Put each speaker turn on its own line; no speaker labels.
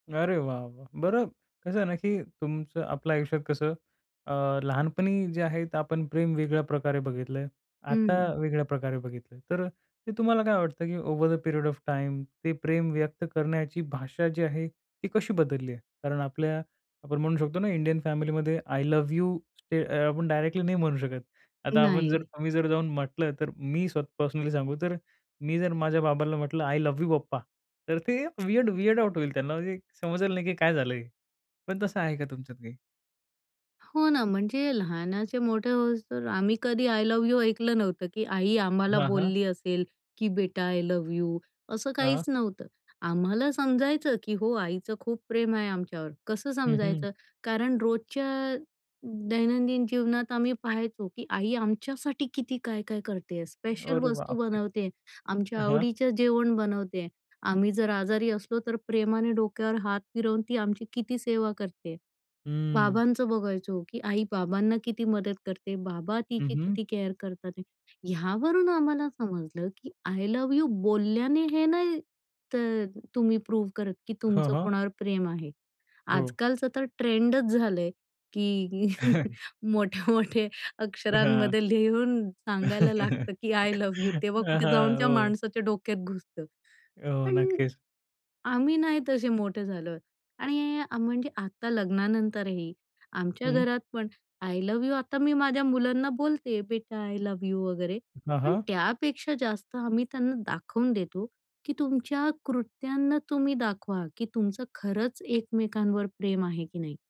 अरे वाह! वाह! बरं कसं आहे ना, की तुमचं आपल्या आयुष्यात कसं अ, लहानपणी जे आहे ते आपण प्रेम वेगळ्या प्रकारे बघितलं आहे. आता
हं.
वेगळ्या प्रकारे बघितलं. तर ते तुम्हाला काय वाटतं, की over the period of time ते प्रेम व्यक्त करण्याची भाषा जी आहे ती कशी बदलली आहे? कारण आपल्या आपण म्हणू शकतो ना, इंडियन फॅमिलीमध्ये आय लव्ह यू स्टे अ, आपण डायरेक्टली नाही म्हणू शकत. आता आपण जर
नाही.
तुम्ही जर जाऊन म्हटलं, तर मी स्वतः पर्सनली सांगू, तर मी जर माझ्या बाबाला म्हटलं, "आय लव्ह यू पप्पा", तर ते वीयर्ड वीयर्ड आउट होईल त्यांना. म्हणजे समजलं नाही की काय झालं हे. पण तसं आहे का तुमच्यात काही?
हो ना, म्हणजे लहानाचे मोठे होउस्तर आम्ही कधी आय लव्ह यू ऐकलं नव्हतं, की आई आम्हाला
हां, हां.
बोलली असेल की बेटा आय लव्ह यू असं
हां.
काहीच नव्हतं. आम्हाला समजायचं की हो, आईचं खूप प्रेम आहे आमच्यावर. कसं
हं, हं.
समजायचं? कारण रोजच्या दैनंदिन जीवनात आम्ही पहायचो की आई आमच्यासाठी किती काय-काय करती आहे. स्पेशल
अरे
वस्तू
बापरे!
बनवती आहे, आमच्या
हां.
आवडीचं जेवण बनवती आहे. आम्ही जर आजारी असलो तर, प्रेमाने डोक्यावर हात फिरवून ती आमची किती सेवा करती आहे.
हम्म.
बाबांचं बघायचो, की आई बाबांना किती मदत करते. बाबा
हं,
तिची
हं.
किती केअर करतात. ह्यावरून आम्हाला समजलं की आय लव्ह यू बोलल्याने हे नाही तर तुम्ही प्रूव्ह करत की
हां,
तुमचं
हां.
कोणावर प्रेम आहे.
हो.
आजकालचं तर ट्रेंडच झालं आहे की मोठ्या-मोठ्या
हां.
अक्षरांमध्ये लिहून सांगायला लागतं की आय लव्ह यू तेव्हा
हां,
कुठे जाऊन
हां.
त्या
हो.
माणसाच्या डोक्यात घुसतं.
हो,
पण
नक्कीच.
आम्ही नाही तसे मोठे झालो. आणि म्हणजे आता लग्नानंतरही आमच्या
हं.
घरातपण आय लव्ह यू आता मी माझ्या मुलांना बोलते, "बेटा आय लव्ह यू" वगैरे,
हां,
पण
हां.
त्यापेक्षा जास्त आम्ही त्यांना दाखवून देतो की तुमच्या कृत्यांना तुम्ही दाखवा की तुमचं खरंच एकमेकांवर प्रेम आहे की नाही.